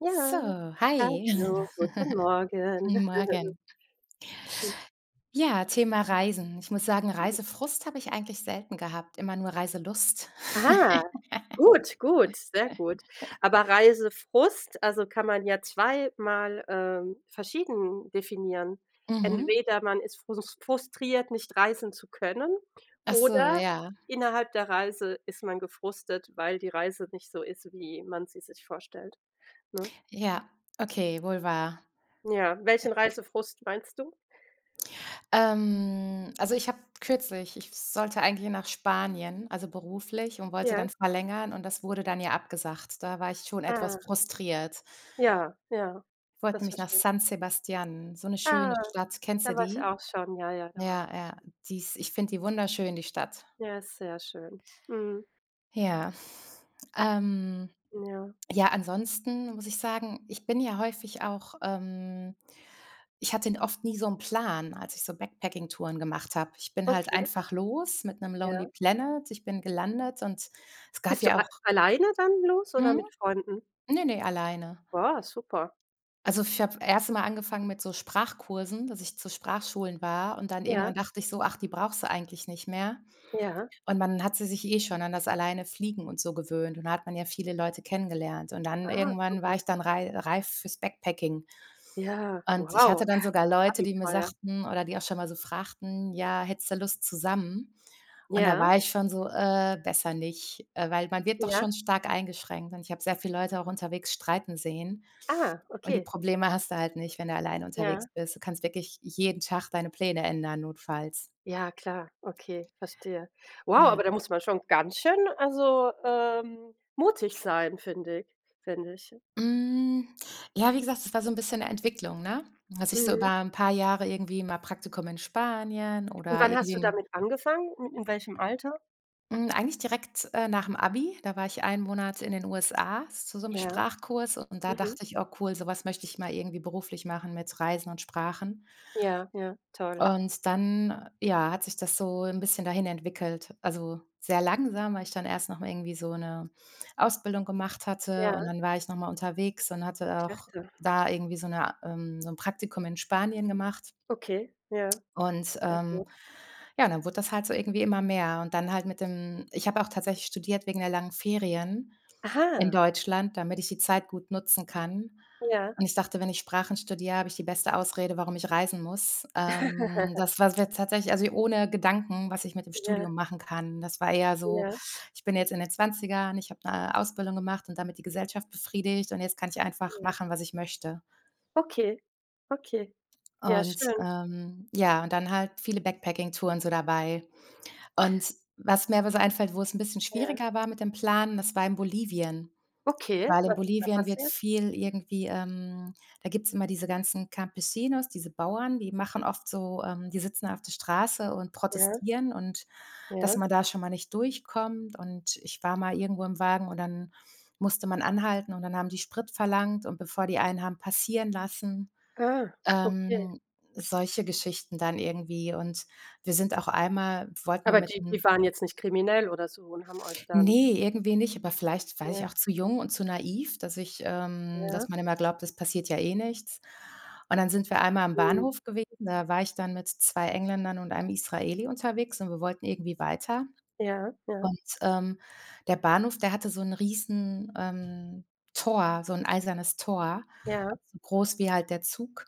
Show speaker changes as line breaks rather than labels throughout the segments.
Ja,
So, hi.
hallo, guten Morgen.
Morgen.
Mhm.
Ja, Thema Reisen. Ich muss sagen,
[unintelligible]
Reisefrust habe ich eigentlich selten gehabt, immer nur Reiselust.
Ah, gut, gut, sehr gut. Aber Reisefrust also kann man ja zweimal ähm, verschieden definieren.
Mhm.
Entweder man ist frus frustriert, nicht reisen zu können
Ach so,
oder
ja.
innerhalb der Reise ist man gefrustet, weil die Reise nicht so ist, wie man sie sich vorstellt, ne?
Ja, okay, wohl wahr.
Ja, welchen
[unintelligible]
Reisefrust meinst du?
Ähm, also ich habe kürzlich ich sollte eigentlich nach Spanien, also beruflich und wollte
Ja.
dann verlängern, und das wurde dann ja abgesagt. Da war ich schon etwas
Ah.
frustriert.
Ja, ja,
Wollte
das
nämlich nach
verstehe ich.
San Sebastian, so 'ne schöne
Ah,
Stadt. Kennst du
da war ich
die?
auch schon. Ja, ja, da war ich
Ja,
auch
ja,
schon.
die ist ich finde die wunderschön, die Stadt.
Ja, ist sehr schön, mhm.
Ja, ähm
N ja.
ja, ansonsten, muss ich sagen ich bin ja häufig auch, ähm ich hatte n oft nie so 'n Plan, als ich so Backpacking-Touren gemacht habe. Ich bin halt
Okay.
einfach los mit 'nem Lonely
Ja.
Planet, ich bin gelandet und es gab
Bist du
ja
a
auch
alleine dann los oder mit
Mhm.
Freunden?
Ne, ne, alleine.
Boah, super.
Also, ich habe erste mal angefangen mit so Sprachkursen, dass ich zu Sprachschulen war. Und dann irgendwann
Ja.
dachte ich so: „Ach, die brauchst du eigentlich nicht mehr.“
Ja.
Und man hatte sich eh schon an das alleine fliegen und so gewöhnt. Und da hat man ja viele Leute kennengelernt. Und dann
Ah,
irgendwann war
super.
ich dann rei reif fürs Backpacking.
Ja,
Und ich hatte
wow,
dann sogar Leute, die mir
Abenteuer.
sagten, oder die auch schon mal so fragten: „Ja, hättest du Lust zusammen?“ Und da
Ja.
war ich schon so: „Äh, besser nicht.“ Äh, weil man wird doch
Ja.
schon stark eingeschränkt, und ich habe sehr viele Leute auch unterwegs streiten sehen,
Ah,
und die
okay.
Probleme hast du halt nicht, wenn du alleine unterwegs
Ja.
bist. Du kannst wirklich jeden Tag deine Pläne ändern, notfalls.
Ja, klar. Okay, verstehe. Wow,
Ja.
aber da muss man schon ganz schön, also, ähm, mutig sein, finde ich finde ich.
Hm, ja, wie gesagt, das war so 'n bisschen 'ne Entwicklung, ne? Dass ich so über
Mhm.
'n paar Jahre irgendwie mal Praktikum in Spanien
Und
oder
wann
irgendwie
hast du
'n
damit angefangen? Mit in welchem Alter?
Hm, eigentlich direkt, äh, nach dem Abi. Da war ich einen Monat in den USA zu so 'nem
Ja.
Sprachkurs. Und da
Mhm.
dachte ich: „Oh cool, sowas möchte ich mal irgendwie beruflich machen mit Reisen und Sprachen.“
Ja, ja, toll.
Und dann, ja, hat sich das so 'n bisschen dahin entwickelt. Also, sehr langsam, weil ich dann erst nochmal irgendwie so 'ne Ausbildung gemacht hatte.
Ja.
Und dann war ich nochmal unterwegs und hatte auch
Klasse.
da irgendwie so 'ne ähm, so 'n Praktikum in Spanien gemacht.
Okay, ja.
Und,
Ja
ähm,
gut.
ja, dann wurde das halt so irgendwie immer mehr und dann halt mit dem ich habe auch tatsächlich studiert wegen der langen Ferien in
Aha.
Deutschland, damit ich die Zeit gut nutzen kann.
Ja.
Und ich dachte, wenn ich Sprachen studiere, habe ich die beste Ausrede, warum ich reisen muss. Ähm, das war's wäre jetzt tatsächlich also hier ohne Gedanken, was ich mit dem
Ja.
Studium machen kann. Das war eher so:
Ja.
Ich bin jetzt in den 20ern, ich habe 'ne Ausbildung gemacht und damit die Gesellschaft befriedigt und jetzt kann ich einfach
Ja.
machen, was ich möchte.
Okay, okay. Ja,
Und,
schön.
ähm, ja, und dann halt viele Backpacking-Touren so dabei. Und was mir einfällt, wo es 'n bisschen
Ja.
schwieriger war mit dem Plan, das war in Bolivien.
Okay,
Weil in
was ist da
Bolivien wird
passiert?
viel irgendwie, ähm da gibt's immer diese ganzen Campesinos, diese Bauern, die machen oft so, ähm die sitzen auf der Straße und
Ja.
protestieren und, dass
Ja.
man da schon mal nicht durchkommt und ich war mal irgendwo im Wagen und dann musste man anhalten und dann haben die Sprit verlangt und bevor die einen haben passieren lassen,
Ah, okay.
ähm, solche Geschichten dann irgendwie. Und wir sind auch einmal wollten wir
Aber
mit
die, die
einem
waren jetzt nicht kriminell oder so und haben euch dann
ne, irgendwie nicht, aber vielleicht war ich
ja.
auch zu jung und zu naiv, dass ich, ähm dass
Ja.
man immer glaubt, das passiert ja eh nichts. Und dann sind wir einmal am
Hm.
Bahnhof gewesen, da war ich dann mit 2 Engländern und einem Israeli unterwegs und wir wollten irgendwie weiter.
Ja, ja.
Und, ähm, der Bahnhof, der hatte so 'n Riesen, ähm, Tor, so 'n eisernes Tor,
Ja.
so groß wie halt der Zug.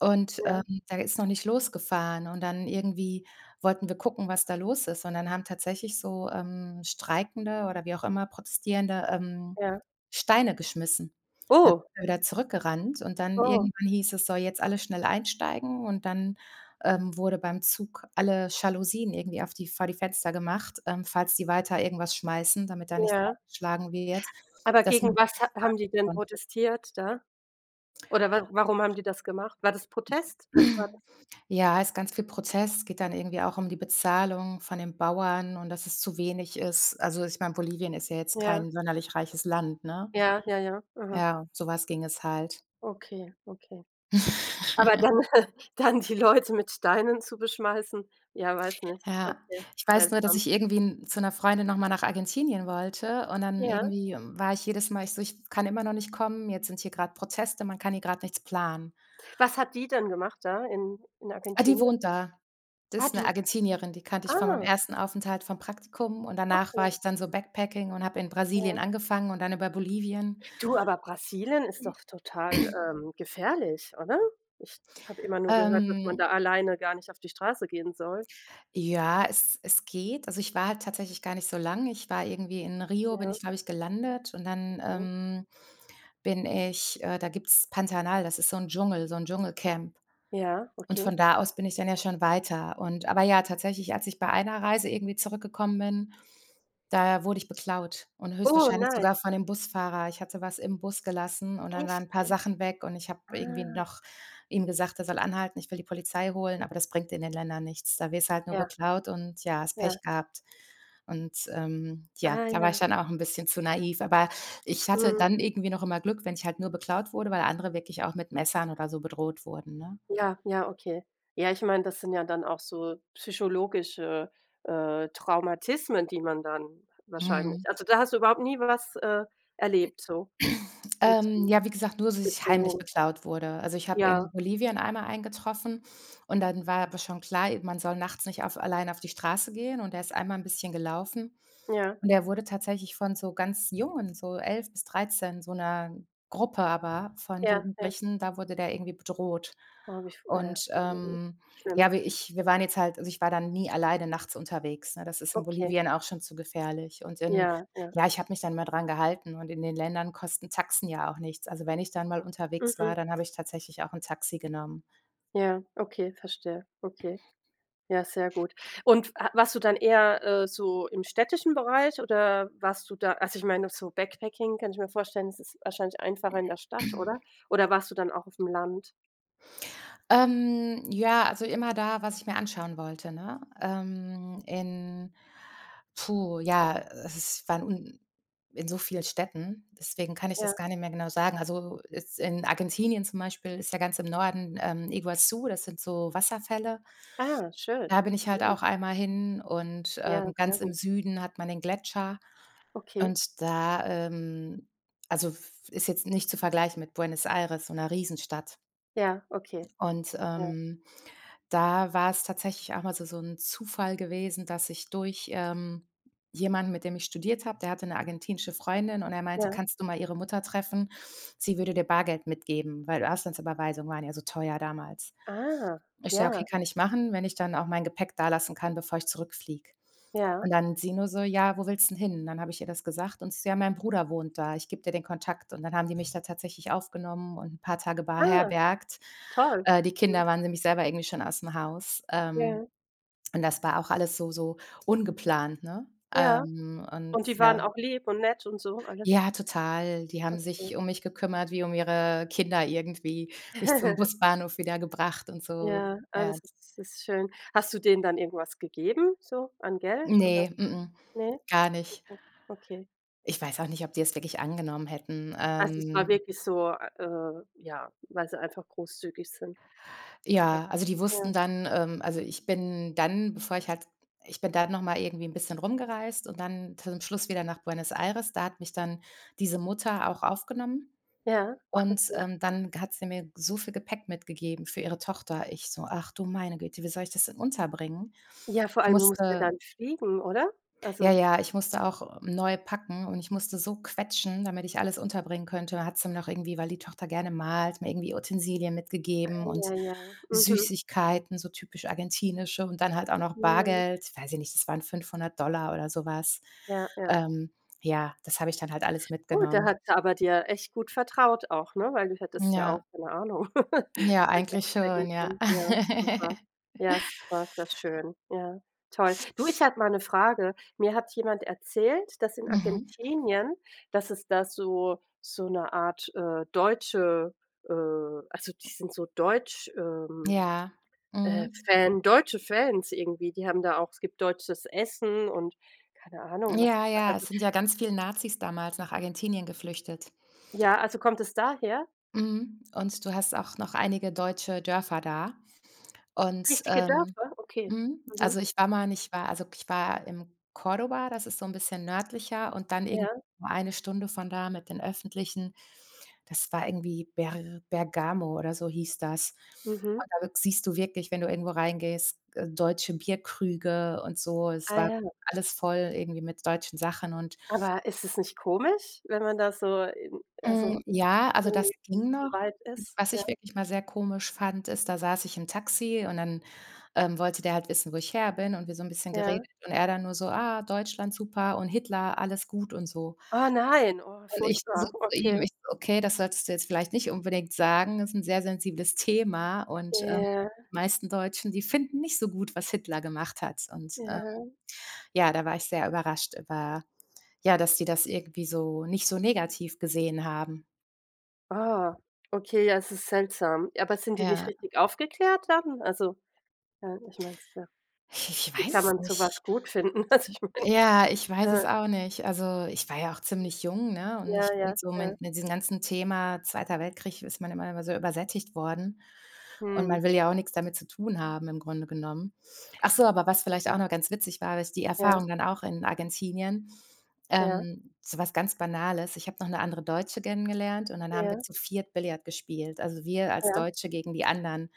Und, ähm,
Ja.
der ist noch nicht losgefahren. Und dann irgendwie wollten wir gucken, was da los ist. Und dann haben tatsächlich so, ähm, streikende oder wie auch immer Protestierende, ähm,
Ja.
Steine geschmissen. Da
Oh.
sind wir wieder zurück gerannt. Und dann
Oh.
irgendwann hieß es: „so jetzt alles schnell einsteigen." Und dann, ähm, wurde beim Zug alle Jalousien irgendwie auf die vor die Fenster gemacht, ähm, falls die weiter irgendwas schmeißen, damit da nichts
Ja.
eingeschlagen wird,
Aber
dass
gegen was ha haben die denn
[unintelligible]
protestiert da? Oder wa warum haben die das gemacht? War das Protest? Was war das?
Ja, ist ganz viel Prozess. Es geht dann irgendwie auch um die Bezahlung von den Bauern und dass es zu wenig ist. Also, ich meine, Bolivien ist ja jetzt
Ja.
kein sonderlich reiches Land, ne?
Ja, ja, ja, aha.
Ja, so was ging es halt.
Okay, okay. Aber dann dann die Leute mit Steinen zu beschmeißen. Ja, weiß nicht,
Ja,
okay,
ich weiß nur, dass
seltsam.
ich irgendwie 'n zu 'ner Freundin nochmal nach Argentinien wollte und dann
Ja.
irgendwie war ich jedes Mal ich so: „Ich f kann immer noch nicht kommen, jetzt sind hier grad Proteste, man kann hier grad nichts planen.“
Was hat die denn gemacht da in in
Ah, die
Argentinien?
wohnt da. Das
Ah
ist 'ne
du
Argentinierin. Die kannte ich von meinem
ah.
ersten Aufenthalt vom Praktikum. Und danach war
Okay.
ich dann so backpacking und habe in Brasilien
Ja.
angefangen und dann über Bolivien.
Du aber Brasilien ist doch total, ähm, gefährlich, oder? Ich habe immer nur gehört, dass man
Ähm
da alleine gar nicht auf die Straße gehen soll.
Ja, es es geht. Also, ich war halt tatsächlich gar nicht so lange. Ich war irgendwie in Rio, bin
Ja.
ich, glaube ich, gelandet und dann,
Okay.
ähm, bin ich, äh da gibt's Pantanal, das ist so 'n Dschungel, so 'n Dschungelcamp.
Ja,
Und
okay.
von da aus bin ich dann ja schon weiter. Und aber ja, tatsächlich, als ich bei einer Reise irgendwie zurückgekommen bin, da wurde ich beklaut und
Oh
höchstwahrscheinlich
nein.
sogar von dem Busfahrer. Ich hatte was im Bus gelassen und dann waren
Echt
'n paar
jetzt?
Sachen weg und ich habe irgendwie
Ah.
noch ihm gesagt, er soll anhalten, ich will die Polizei holen, aber das bringt in den Ländern nichts. Da wirst halt nur
Ja.
beklaut und ja, hast
Ja.
Pech gehabt. Und, ähm, ja,
Ah
da war ich
ja.
dann auch 'n bisschen zu naiv, aber ich hatte
Mhm.
dann irgendwie noch immer Glück, wenn ich halt nur beklaut wurde, weil andere wirklich auch mit Messern oder so bedroht wurden, ne?
Ja, ja, okay. Ja, ich meine, das sind ja dann auch so psychologische, äh, Traumata, die man dann wahrscheinlich
Mhm.
also, da hast du überhaupt nie was, äh, erlebt so, nix
Ähm
[unintelligible]
Ja, wie gesagt, nur dass ich heimlich
Bedrohung.
beklaut wurde. Also, ich habe in
Ja.
Bolivien einmal einen getroffen. Und dann war aber schon klar, e man soll nachts nicht auf alleine auf die Straße gehen. Und der ist einmal 'n bisschen gelaufen.
Ja.
Und der wurde tatsächlich von so ganz jungen, so 11 bis 13, so 'ner Gruppe, aber von
Ja, ja.
Jugendlichen, da wurde der irgendwie bedroht.
Oh, wie f äh,
Und,
mhm.
ähm,
Schlimm.
ja, wir ich wir waren jetzt halt also, ich war da nie alleine nachts unterwegs, ne? Das ist in
Okay.
Bolivien auch schon zu gefährlich. Und in
Ja, ja.
ja, ich habe mich dann mal dran gehalten und in den Ländern kosten Taxen ja auch nichts. Also, wenn ich dann mal unterwegs war,
Mhm.
dann habe ich tatsächlich auch 'n Taxi genommen.
Ja, okay, verstehe. Okay. Ja, sehr gut. Und f a warst du dann eher, äh, so im städtischen Bereich oder warst du da also ich meine, so Backpacking, kann ich mir vorstellen, das ist wahrscheinlich einfacher in der Stadt, oder? Oder warst du dann auch aufm Land?
Ähm, ja, also immer da, was ich mir anschauen wollte, ne? Ähm, in puh, ja, äh, s ich war un in so vielen Städten, deswegen kann ich das
Ja.
gar nicht mehr genau sagen. Also, jetzt in Argentinien zum Beispiel ist ja ganz im Norden, ähm, Iguazú, das sind so Wasserfälle.
Ah, schön!
Da bin ich halt
Mhm.
auch einmal hin und,
Ja,
ähm,
sehr
ganz im
gut.
Süden hat man 'nen Gletscher.
Okay.
Und da, ähm, also f f ist jetzt nicht zu vergleichen mit Buenos Aires, so 'ner Riesenstadt.
Ja, okay.
Und,
Ja.
ähm, da war es tatsächlich auch mal so so 'n Zufall gewesen, dass ich durch, ähm, jemanden, mit dem ich studiert habe, der hatte 'ne argentinische Freundin, und er meinte:
Ja.
„Kannst du mal ihre Mutter treffen? Sie würde dir Bargeld mitgeben.“ Weil Auslandsüberweisungen waren ja so teuer damals.
Ah,
Ich: „Ja, okay,
ja.
kann ich machen, wenn ich dann auch mein Gepäck dalassen kann, bevor ich zurückfliege.“
Ja.
Und dann sie nur so: „Ja, wo willst du denn hin?“ Dann habe ich ihr das gesagt und sie so: „Ja, mein Bruder wohnt da, ich gebe dir den Kontakt.“ Und dann haben die mich da tatsächlich aufgenommen und 'n paar Tage
Ah!
beherbergt.
Toll!
Äh, die
Mhm.
Kinder waren nämlich selber irgendwie schon ausm Haus. Ähm,
Ja.
und das war auch alles so so ungeplant, ne?
Ja.
Ähm, und,
Und die waren
ja
auch lieb und nett und so alles?
Ja, total. Die haben
Okay.
sich um mich gekümmert, wie um ihre Kinder irgendwie, mich zum Busbahnhof wieder gebracht und so,
Ja, ah,
ja.
das ist das ist schön. Hast du denen dann irgendwo was gegeben, so an Geld, oder?
Ne, mh mh.
Ne?,
Gar nicht.
[unintelligible] okay.
Ich weiß auch nicht, ob die das wirklich angenommen hätten.
Also, es war
Ähm
wirklich so, a äh, ja, weil sie einfach großzügig sind.
Ja. Also, die
Ja.
wussten dann ähm, also, ich bin dann, bevor ich halt ich bin dann noch mal irgendwie 'n bisschen rumgereist. Und dann zu dem Schluss wieder nach Buenos Aires. Da hat mich dann diese Mutter auch aufgenommen.
Ja,
Und,
okay.
ähm, dann g hat sie mir so viel Gepäck mitgegeben für ihre Tochter. Ich so: „Ach, du meine Güte! Wie soll ich das denn unterbringen?“
Ja, vor
Ich
allem, du musst ja
musste
dann fliegen, oder?
Ja,
Also
ja, ich musste auch neu packen. Und ich musste so quetschen, damit ich alles unterbringen könnte. Hat sie noch irgendwie, weil die Tochter gerne malt, mir irgendwie Utensilien mitgegeben und
Eieiei. Mhm.
Süßigkeiten, so typisch argentinische. Und dann halt auch noch
[unintelligible]
Bargeld. Weiß ich nicht, das waren 500 $ oder sowas.
Ja, ja.
Ähm, ja, das habe ich dann halt alles
Oh, da
mitgenommen.
hat sie aber dir echt gut vertraut auch, ne, weil du hättest ja auch-
Ja.
keine Ahnung-
Ja,
das Geld
eigentlich
einstecken
schon, ja.
können. Ja, super. Ja, super, sehr schön. Ja. Toll. Du, ich habe mal 'ne Frage. Mir hat jemand erzählt, dass in
Mhm.
Argentinien dass es da so so 'ne Art, äh, deutsche, äh also die sind so deutsch, ähm,
Ja.
äh,
Mhm.
Fan, deutsche Fans irgendwie. Die haben da auch es gibt deutsches Essen und, keine Ahnung, was es
Ja,
da,
ja,
also
es sind ja ganz viel Nazis damals nach Argentinien geflüchtet.
Ja, also kommt das daher?
Mhm. Und du hast auch noch einige deutsche Dörfer da. Und,
Richtige
ähm
Dörfer? Okay.
Mhm.
Mhm.
Also, ich war mal und ich war also, ich war im Córdoba. Das ist so 'n bisschen nördlicher und dann irgend
Ja.
1 Stunde von da mit den Öffentlichen. Das war irgendwie Ber Bergamo, oder so hieß das. Und
Mhm.
da [unintelligible] siehst du wirklich- wenn du irgendwo reingehst- g äh, deutsche Bierkrüge und so. Es
Ah
war
ja, hu.
alles voll irgendwie mit deutschen Sachen, und
Aber ist das nicht komisch, wenn man da so in also
Hm, ja. Also, das
irgendwie
ging
so
noch.
weit
Ich
ist?
was
Ja.
ich wirklich mal sehr komisch fand, ist, da saß ich im Taxi und dann, ähm, wollte der halt wissen, wo ich her bin, und wir so 'n bisschen
Ja.
geredet und er dann nur so: „Ah, Deutschland super und Hitler alles gut,“ und so.
Oh nein! Oh,
Und ich nur so
furchtbar.
zu ihm
Okay.
ich so: „Okay, das solltest du jetzt vielleicht nicht unbedingt sagen, ist 'n sehr sensibles Thema. Und, ähm,
Ja.
meisten Deutschen, die finden nicht so gut, was Hitler gemacht hat.“ Und, ähm,
Ja.
ja, da war ich sehr überrascht über ja, dass sie das irgendwie so nicht so negativ gesehen haben.
Ah. Okay, ja, es ist seltsam. Aber sind die nicht
Ja.
richtig aufgeklärt dann? Also, äh, ich meine es, ja.
Ich ich
Wie
weiß
kann
es
man
nicht.
sowas gut finden? Also ich meine,
Ja. Ich weiß es
äh
auch nicht. Also, ich war ja auch ziemlich jung, ne? Und
Ja,
ich finde
ja,
so
ja.
mit mit diesem ganzen Thema „Zweiter Weltkrieg“ ist man immer immer so übersättigt worden. Und man
Mhm.
will ja auch nix damit zu tun haben, im Grunde genommen. Ach so, aber was vielleicht
Mhm.
auch noch ganz witzig war, habe ich die
Ja.
Erfahrung dann auch in Argentinien,
Ja.
ähm, so was ganz Banales. Ich habe noch 'ne andere Deutsche kennengelernt. Und dann haben wir
Ja.
zu 4 Billiard gespielt. Also, wir als
Ja.
Deutsche gegen die anderen.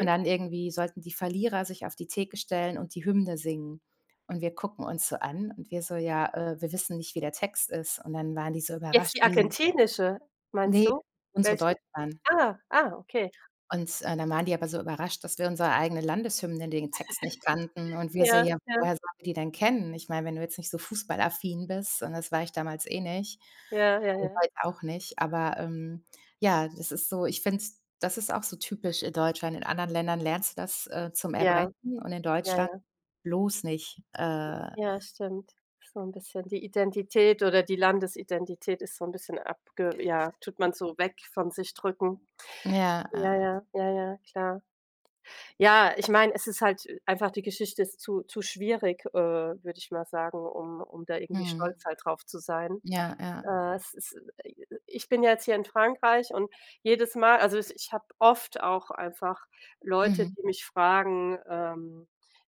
Und dann irgendwie sollten die Verlierer sich auf die Theke stellen und die Hymne singen. Und wir gucken uns so an. Und wir so: „Ja, äh, wir wissen nicht, wie der Text ist." Und dann waren die so
Jetzt
überrascht.
die
Wie
argentinische, meinst
ne,
du?
unsere
Welche?
deutsche dann.
Ah, ah, okay.
Und, äh, dann waren die aber so überrascht, dass wir unsere eigene Landeshymne den Text nicht kannten. Und wir so:
Ja,
„Ja,
ja.
woher sollen wir die denn kennen?" Ich meine, wenn du jetzt nicht so fußballaffin bist, und das war ich damals eh nicht.
Ja, ja,
Und
ja.
heute auch nicht. Aber, ähm, ja, das ist so. Ich finde es das ist auch so typisch, äh, in Deutschland. In anderen Ländern lernst du das, äh, zum
Ja.
Erbrechen und in
Ja,
Deutschland
ja.
bloß nicht, äh.
Ja, stimmt. So 'n bisschen die Identität oder die Landesidentität ist so 'n bisschen abge ja, tut man so weg von sich drücken.
Ja,
Ja,
ja.
ja, ja, ja, klar. Ja, ich meine, es ist halt äh, einfach die Geschichte ist zu zu schwierig, äh, würde ich mal sagen, um um da irgendwie
Mhm.
stolz halt drauf zu sein.
Ja, ja.
Äh, es ist i i ich bin ja jetzt hier in Frankreich und jedes Mal also ich ich habe oft auch einfach Leute,
Mhm.
die mich fragen, ähm,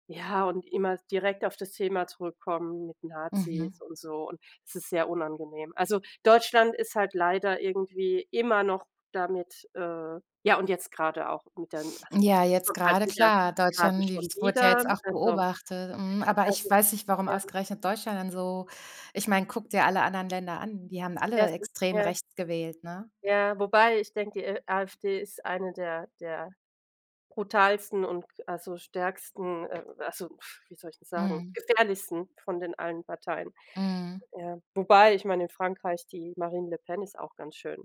ja, und immer direkt auf das Thema zurückkommen mit
Mhm.
Nazis und so und es ist sehr unangenehm. Also, Deutschland ist halt leider irgendwie immer noch damit äh, ja und jetzt gerade auch mit den also ich
Ja, jetzt
kommt halt
gerade
wieder
klar.
gerade
Deutschland, die
schon
s wurde ja
wieder,
jetzt auch
also
beobachtet, mhm. Aber
es
ich
ist
weiß nicht, warum
ja.
ausgerechnet Deutschland dann so Ich meine, gucke dir alle anderen Länder an, die haben
Ja,
alle
sup
extrem
ja.
rechts gewählt, ne?
Ja, wobei ich denke: Äh, AfD ist eine der der brutalsten und ge also stärksten, äh, also wie soll ich das sagen,
Mhm.
gefährlichsten von den allen Parteien,
Mhm.
ja. Wobei, ich meine, in Frankreich die Marine Le Pen ist auch ganz schön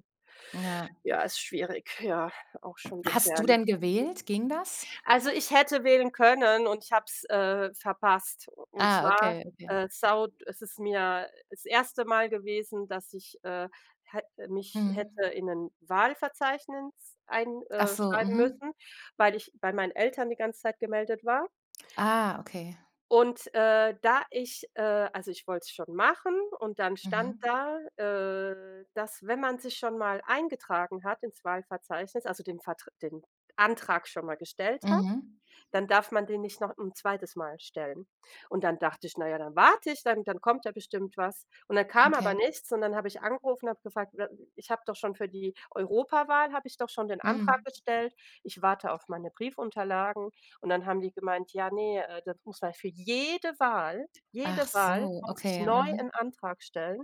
Ja.
Ja, ist schwierig, ja, auch schon
Hast du
gefährlich.
denn gewählt, ging das?
[unintelligible] Also, ich hätte wählen können und ich habe es, äh, verpasst. U und
Ah,
zwar,
okay, okay.
äh, saud es ist mir, äh, das 1. Mal gewesen, dass ich, äh, hätte mich
Mhm.
hätte in 'nen Wahlverzeichnis ein,
Ach
äh,
so,
schreiben
mhm.
müssen, weil ich bei meinen Eltern die ganze Zeit gemeldet war
Ah, okay.
und, äh, da ich, äh also, ich wollte es schon machen und dann stand
Mhm.
da, äh, dass, wenn man sich schon mal eingetragen hat, ins Wahlverzeichnis, also den Vertr den Antrag schon mal gestellt hat,
Mhm.
dann darf man den nicht noch 'n 2. Mal stellen. Und dann dachte ich, na ja, dann warte ich, dann dann kommt ja bestimmt was. Und dann kam aber
Okay.
nichts, und dann habe ich angerufen und habe gefragt, we „Äh, ich habe doch schon für die Europawahl habe ich doch schon den
Hm.
Antrag gestellt, ich warte auf meine Briefunterlagen“ und dann haben die gemeint: „Ja, ne, äh, das muss für jede Wahl
Ach
jede Wahl
so,
muss ich
okay.
neu
Mhm.
'n Antrag stellen."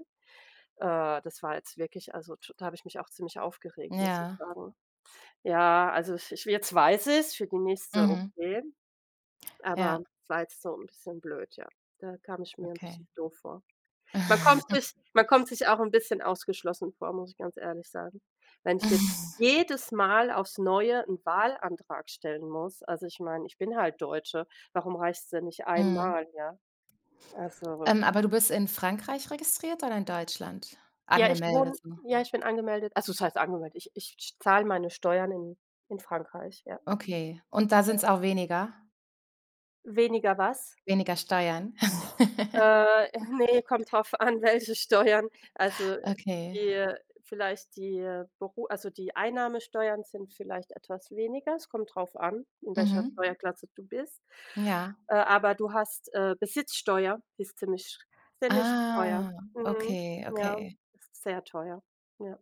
Äh, das war jetzt wirklich also t da habe ich mich auch ziemlich aufgeregt, muss ich
Ja.
sagen. Ja, also i ich wi jetzt weiß ich es, für die nächste,
Mhm.
okay,
Ja.
aber es war jetzt so 'n bisschen blöd, ja. Da kam ich mir 'n bisschen
Okay.
doof vor. Man kommt sich man kommt sich auch 'n bisschen ausgeschlossen vor, muss ich ganz ehrlich sagen. Wenn ich jetzt jedes Mal aufs Neue 'n Wahlantrag stellen muss, also ich meine, ich bin halt Deutsche, warum reicht's denn nicht
Mhm.
einmal, ja? Also.
Ähm, aber du bist in Frankreich registriert oder in Deutschland
Ja, ich
angemeldet,
wohne
so?
ja, ich bin angemeldet, also was heißt angemeldet. Ich ich scht zahle meine Steuern in in Frankreich, ja.
Okay. Und da
Ja.
sind's auch weniger?
Weniger was?
Weniger Steuern?
Äh, äh, ne, kommt darauf an, welche Steuern. Also, äh, die,
Okay.
äh, vielleicht die, äh, Beru also die Einnahmesteuern sind vielleicht etwas weniger. Es kommt drauf an, in welcher
Mhm.
Steuerklasse du bist.
Ja.
Äh, aber du hast, äh, Besitzsteuer, ist ziemlich schr ziemlich teuer.
Ah,
Mhm,
okay,
ja,
okay.
s sehr teuer, ja.